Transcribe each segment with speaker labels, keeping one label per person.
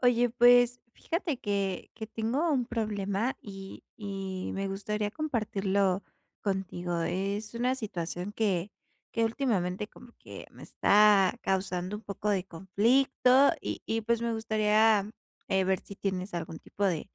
Speaker 1: Oye, pues, fíjate que que tengo un problema y y me gustaría compartirlo contigo, es una situación que que, últimamente, como que, me está causando un poco de conflicto, y y, pues, me gustaría, eh, ver si tienes algún tipo de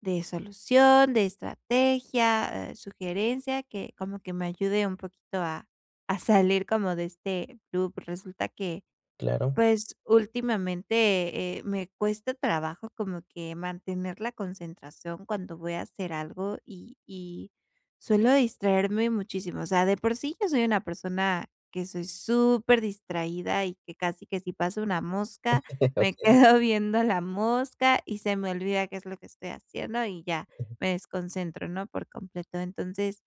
Speaker 1: de solución, de estrategia, eh, sugerencia, que como que me ayude un poquito a a salir como de este loop. Resulta que,
Speaker 2: Claro.
Speaker 1: pues, últimamente, eh, me cuesta trabajo como que mantener la concentración cuando voy a hacer algo y y suelo distraerme muchísimo, o sea, de por sí, yo soy una persona que soy súper distraída y que casi, que si pasó una mosca, me
Speaker 2: Okey.
Speaker 1: quedo viendo la mosca y se me olvida qué es lo que estoy haciendo, y ya me desconcentro, ¿no?, por completo, entonces,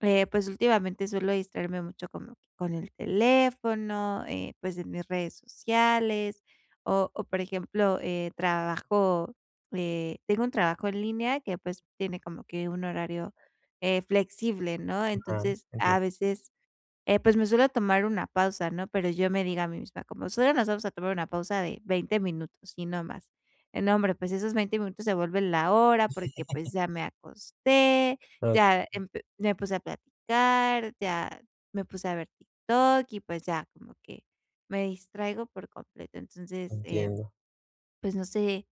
Speaker 1: eh, pues, últimamente, suelo distraerme mucho como que con el teléfono, eh, pues, en mis redes sociales, o o, por ejemplo, eh, trabajo, eh, tengo un trabajo en línea que, pues, tiene como que un horario, eh, flexible, ¿no?,
Speaker 2: Ajá,
Speaker 1: entonces,
Speaker 2: entien
Speaker 1: a veces, eh, pues, me suelo tomar una pausa, ¿no?, pero yo me digo a mí misma, como: "Solo nos vamos a tomar una pausa de 20 minutos, y no más", eh, nombre, pues, esos 20 minutos, se vuelven la hora, porque, pues, ya me acosté, ya
Speaker 2: Okey.
Speaker 1: emp me puse a platicar, ya me puse a ver TikTok, y, pues ya, como que, me distraigo por completo, entonces, eh,
Speaker 2: Entiendo.
Speaker 1: pues no sé,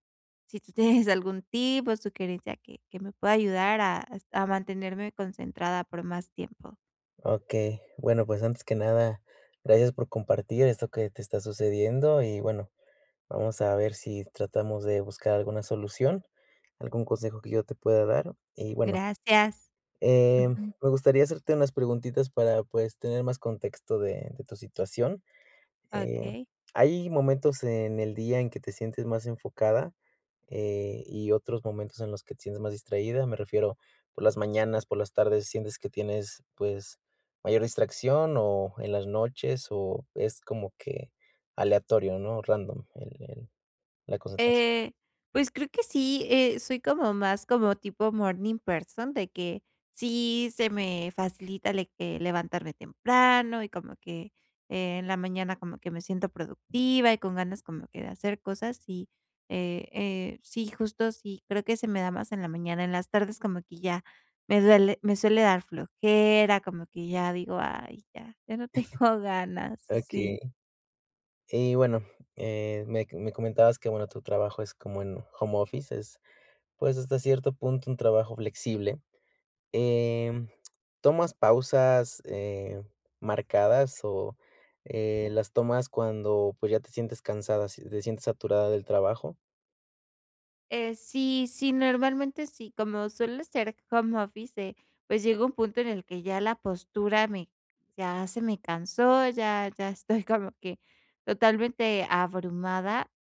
Speaker 1: si tú tienes algún tipo de sugerencia que que me pueda ayudar a es a mantenerme concentrada por más tiempo.
Speaker 2: Okey, bueno, pues, antes que nada, gracias por compartir esto que te está sucediendo y, bueno, vamos a ver si tratamos de buscar alguna solución, algún consejo que yo te pueda dar. Y, bueno
Speaker 1: Gracias,
Speaker 2: eh,
Speaker 1: ujú.
Speaker 2: me gustaría hacerte unas preguntitas para, pues, tener más contexto de de tu situación. Eh,
Speaker 1: Okey.
Speaker 2: ¿hay momentos en el día en que te sientes más enfocada, eh, y otros momentos en los que te sientes más distraída? Me refiero, ¿por las mañanas, por las tardes, sientes que tienes, pues, mayor distracción o en las noches o es como que aleatorio?, ¿no?, random el el la concentración.
Speaker 1: Eh, pues creo que sí, eh, soy como más como tipo morning person, de que sí, se me facilita de que levantarme temprano, y como que en la mañana como que me siento productiva y con ganas de como hacer cosas, y, eh eh, sí, justo sí creo que se me da más en la mañana. En las tardes como que ya me duele me suele dar flojera, como que ya digo: "Ay, ya, ya no tengo ganas", sí.
Speaker 2: Okey. Y bueno, eh, me me comentabas que, bueno, tu trabajo es como en home office, es, pues, hasta cierto punto un trabajo flexible. Em, ¿tomas pausas, eh, marcadas o, eh, las tomas cuando, pues, ya te sientes cansada, si te sientes saturada del trabajo?
Speaker 1: Eh, sí, sí, normalmente sí, como suele ser home office, eh, pues, llega un punto en el que ya la postura me ya se me cansó, ya ya estoy como que totalmente abrumada,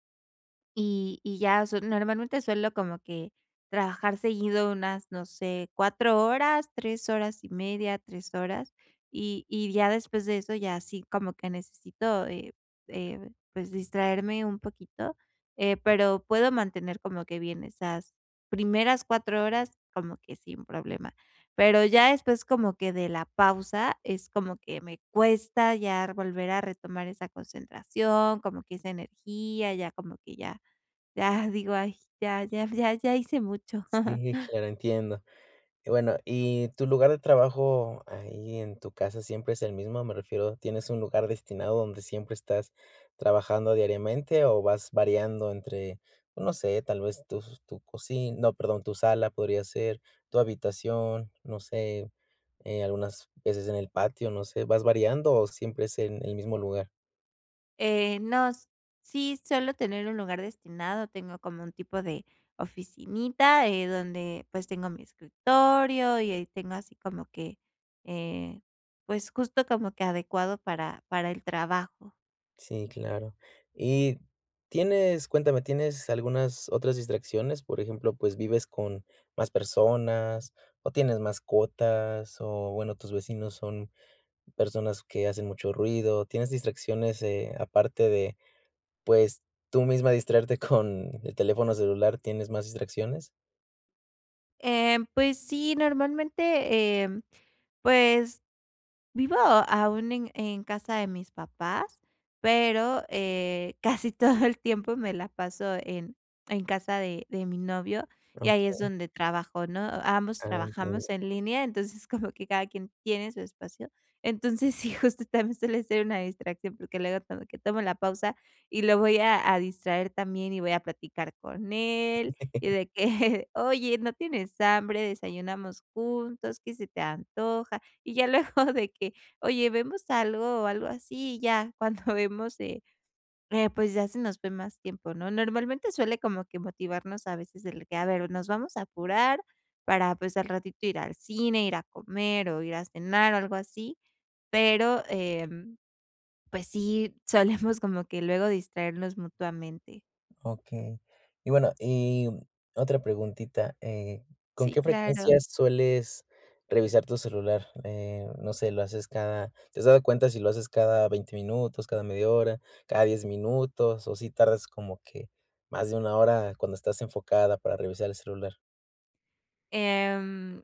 Speaker 1: y y ya su normalmente suelo como que trabajar seguido unas, no sé, 4 horas, 3 horas y media, 3 horas, y y ya después de eso ya así como que necesito, eh eh, pues, distraerme un poquito, eh, pero puedo mantener como que bien esas primeras 4 horas como que sin problema. Pero ya después, como que de la pausa, es como que me cuesta ya volver a retomar esa concentración, como que esa energía, ya como que ya ya digo: "Ay ya, ya, ya, ya hice mucho".
Speaker 2: Sí, claro, entiendo. Y bueno, ¿y tu lugar de trabajo ahí en tu casa siempre es el mismo? Me refiero, ¿tienes un lugar destinado donde siempre estás trabajando diariamente o vas variando entre, no sé, tal vez tus tu cocina, no, perdón, tu sala podría ser, tu habitación, no sé, eh, algunas veces en el patio? No sé, ¿vas variando o siempre es en el mismo lugar?
Speaker 1: Eh, no, s sí, suelo tener un lugar destinado, tengo como un tipo de oficinita, eh, donde, pues, tengo mi escritorio, y ahí tengo así como que, eh, pues, justo, como que adecuado para para el trabajo.
Speaker 2: Sí, claro. Y tienes cuéntame, ¿tienes algunas otras distracciones? Por ejemplo, pues, ¿vives con más personas, o tienes mascotas o bueno, tus vecinos son personas que hacen mucho ruido, tienes distracciones, eh, aparte de, pues, tú misma distraerte con el teléfono celular? ¿Tienes más distracciones?
Speaker 1: Em, pues, sí, normalmente, em, pues vivo aún en en casa de mis papás, pero, eh, casi todo el tiempo me la paso en en casa de de mi novio, y ahí es
Speaker 2: Okey.
Speaker 1: donde trabajo, ¿no? Ambos
Speaker 2: Ah, entiendo.
Speaker 1: trabajamos en línea, entonces, como que cada quien tiene su espacio. Entonces, sí, justo, también suele ser una distracción, porque luego como que tomo la pausa y lo voy a a distraer también, y voy a platicar con él, y de que: "Oye, ¿no tienes hambre? ¿Desayunamos juntos? ¿Qué se te antoja?". Y ya luego de que: "Oye, ¿vemos algo?". O algo así, y ya cuando vemos, eh, eh, pues, ya se nos fue más tiempo, ¿no? Normalmente, suele como que motivarnos, a veces, el que: "A ver, nos vamos a apurar para, pues, al ratito ir al cine, ir a comer, o ir a cenar". O algo así. Pero, em, pues, sí solemos como que luego distraernos mutuamente.
Speaker 2: Okey. Y bueno y otra preguntita, eh, ¿con
Speaker 1: Sí,
Speaker 2: qué frecuencia
Speaker 1: claro.
Speaker 2: sueles revisar tu celular? Eh, no sé, lo haces cada ¿Te has dado cuenta si lo haces cada 20 minutos, cada media hora, cada 10 minutos, o sí tardas como que más de 1 hora cuando estás enfocada, para revisar el celular?
Speaker 1: Em,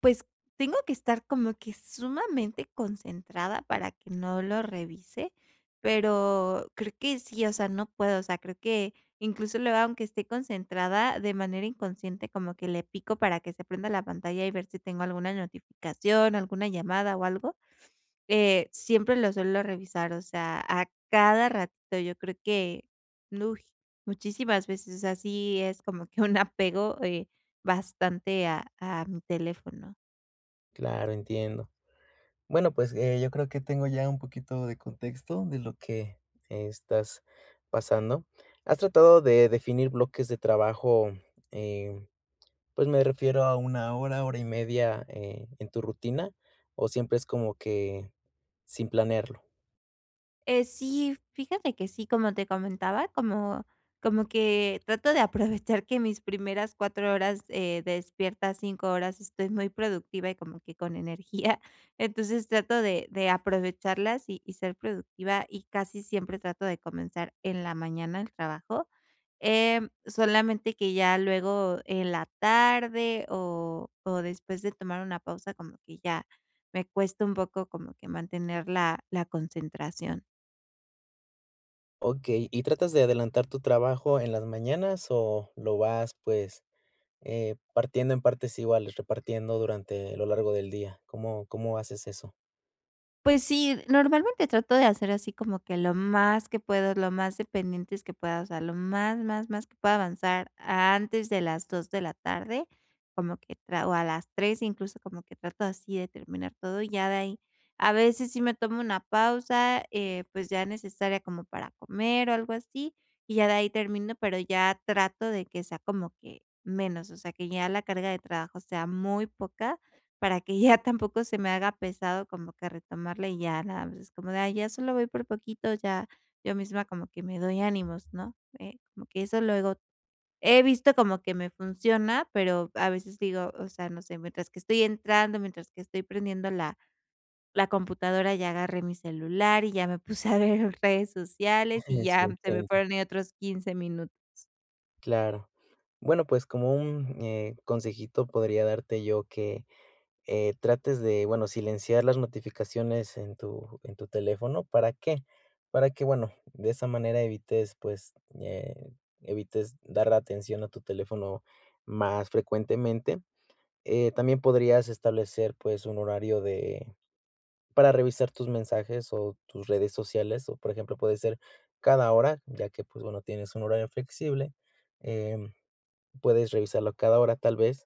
Speaker 1: pues tengo que estar como que sumamente concentrada para que no lo revise, pero creo que sí, o sea, no puedo, o sea, creo que incluso luego aunque esté concentrada de manera inconsciente, como que le pico para que se prenda la pantalla y ver si tengo alguna notificación, alguna llamada o algo. Eh, siempre lo suelo revisar, o sea, a cada ratito yo creo que, ¡uy!, muchísimas veces, o sea, sí es como que un apego, eh, bastante a a mi teléfono.
Speaker 2: Claro, entiendo. Bueno, pues, eh, yo creo que tengo ya un poquito de contexto de lo que estás pasando. ¿Has tratado de definir bloques de trabajo, eh, pues me refiero a 1 hora, hora y media, eh, en tu rutina, o siempre es como que sin planearlo?
Speaker 1: Eh, sí, fíjate que sí, como te comentaba, como como que trato de aprovechar que mis primeras 4 horas, eh, despierta, 5 horas, estoy muy productiva y como que con energía. Entonces trato de de aprovecharlas y y ser productiva, y casi siempre trato de comenzar en la mañana el trabajo. Em, solamente que, ya luego, en la tarde o o después de tomar una pausa, como que ya me cuesta un poco como que mantener la la concentración.
Speaker 2: Okey, ¿y tratas de adelantar tu trabajo en las mañanas o lo vas, pues, eh, partiendo en partes iguales, repartiendo durante lo largo del día? ¿Cómo cómo haces eso?
Speaker 1: Pues, sí, normalmente trato de hacer así como que lo más que puedo, lo más dependientes que pueda, o sea, lo más, más más que pueda avanzar antes de las 2 de la tarde, como que tra o a las 3 incluso como que trato así de terminar todo, y ya de ahí a veces sí me tomo una pausa, pues, ya necesaria como para comer o algo así, y ya de ahí termino, pero ya trato de que sea como que menos, o sea, que ya la carga de trabajo sea muy poca, para que ya tampoco se me haga pesado como que retomarla y ya nada más es como de: "Ay, ya solo voy por poquito", ya yo misma como que me doy ánimos, ¿no? Eh, como que eso luego he visto como que me funciona, pero a veces digo, o sea, no sé, mientras que estoy entrando, mientras que estoy prendiendo la la computadora, ya agarré mi celular, y ya me puse a ver redes sociales, y
Speaker 2: Eso
Speaker 1: ya se me
Speaker 2: intento.
Speaker 1: fueron ahí otros 15 minutos.
Speaker 2: Claro. Bueno, pues, como un, eh, consejito podría darte yo que, eh, trates de, bueno, silenciar las notificaciones en tu en tu teléfono, ¿para qué?, para que, bueno, de esa manera evites, pues, eh, evites dar atención a tu teléfono más frecuentemente. Eh, también podrías establecer, pues, un horario de para revisar tus mensajes o tus redes sociales, o por ejemplo, puede ser cada hora, ya que, pues, bueno, tienes un horario flexible. Em, puedes revisarlo a cada hora tal vez.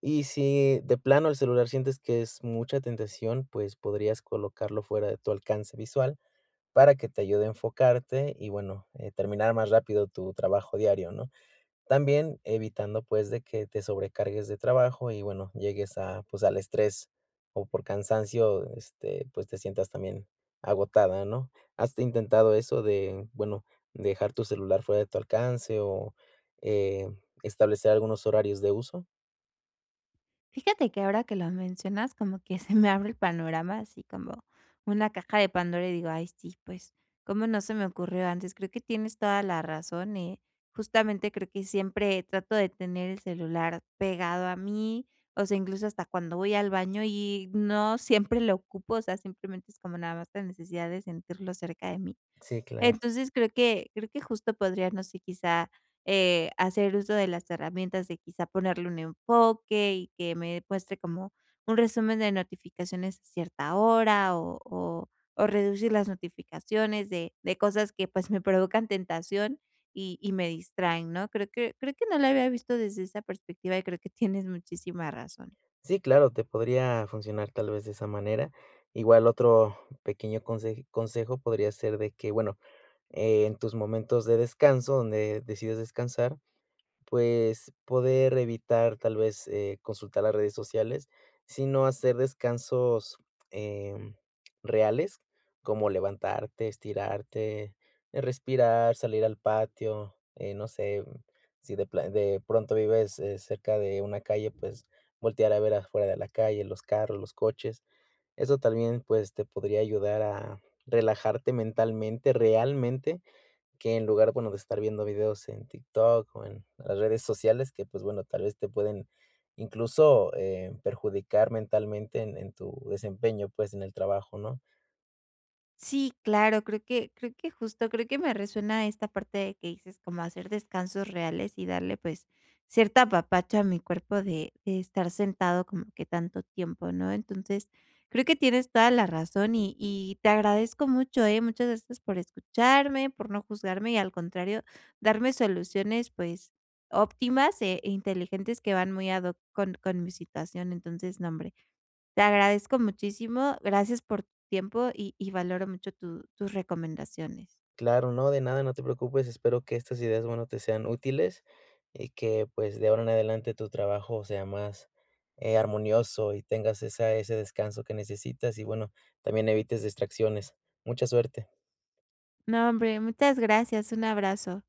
Speaker 2: Y si de plano el celular sientes que es mucha tentación, pues, podrías colocarlo fuera de tu alcance visual para que te ayude a enfocarte y bueno, eh, terminar más rápido tu trabajo diario, ¿no? También evitando, pues, de que te sobrecargues de trabajo y, bueno, llegues a, pues, al estrés o por cansancio, este, pues, te sientas también agotada, ¿no? ¿Has intentado eso de bueno dejar tu celular fuera de tu alcance o, eh, establecer algunos horarios de uso?
Speaker 1: Fíjate que, ahora que lo mencionas, como que, se me abre el panorama, así como una caja de Pandora. Y digo: "Ay sí, pues, ¿cómo no se me ocurrió antes?". Creo que tienes toda la razón ¿eh?, justamente, creo que siempre trato de tener el celular pegado a mí. O sea, incluso hasta cuando voy al baño, y no siempre lo ocupo. O sea, simplemente es, como nada más, la necesidad de sentirlo cerca de mí.
Speaker 2: Sí, claro.
Speaker 1: Entonces, creo que creo que, justo, podría no sé, quizá, eh, hacer uso de las herramientas, de quizá, ponerle un enfoque, y que me muestre como un resumen de notificaciones a cierta hora. O o o reducir las notificaciones de de cosas, que pues, me provocan tentación, y y me distraen, ¿no? Creo que creo que no la había visto desde esa perspectiva. Y creo que tienes muchísima razón.
Speaker 2: Sí, claro. Te podría funcionar, tal vez, de esa manera. Igual otro pequeño conseji consejo podría ser, de que Bueno, eh, en tus momentos de descanso, donde decidas descansar, pues, poder evitar, tal vez, eh, consultar las redes sociales. Si no, hacer descansos, em, reales, como levantarte, estirarte, eh, respirar, salir al patio. Eh, no sé, si de pla de pronto, vives, eh, cerca de una calle, pues, voltear a ver afuera de la calle, los carros, los coches. Eso también, pues, te podría ayudar, a relajarte mentalmente, realmente. Que en lugar bueno, de estar viendo videos en TikTok o en las redes sociales, que, pues bueno, tal vez, te pueden, incluso, eh, perjudicar mentalmente, en en tu desempeño, pues, en el trabajo, ¿no?
Speaker 1: Sí, claro. Creo que creo que, justo, creo que, me resuena esta parte, de que dices, como hacer descansos reales, y darle, pues, cierto apapacho a mi cuerpo, de de estar sentado, como que tanto tiempo, ¿no? Entonces, creo que tienes toda la razón. Y y te agradezco mucho, ¿eh? Muchas gracias por escucharme, por no juzgarme, y al contrario, darme soluciones, pues, óptimas e inteligentes, que van muy ad hoc con con mi situación. Entonces, no, hombre, te agradezco muchísimo. Gracias por tu tiempo. Y y valoro mucho, tu tus recomendaciones.
Speaker 2: Claro. No, de nada. No te preocupes. Espero que estas ideas, bueno, te sean útiles. Y que, pues, de ahora en adelante, tu trabajo sea más, eh, armonioso, y tengas esa ese descanso que necesitas. Y, bueno, también evites distracciones. Mucha suerte.
Speaker 1: No, hombre. Muchas gracias. Un abrazo.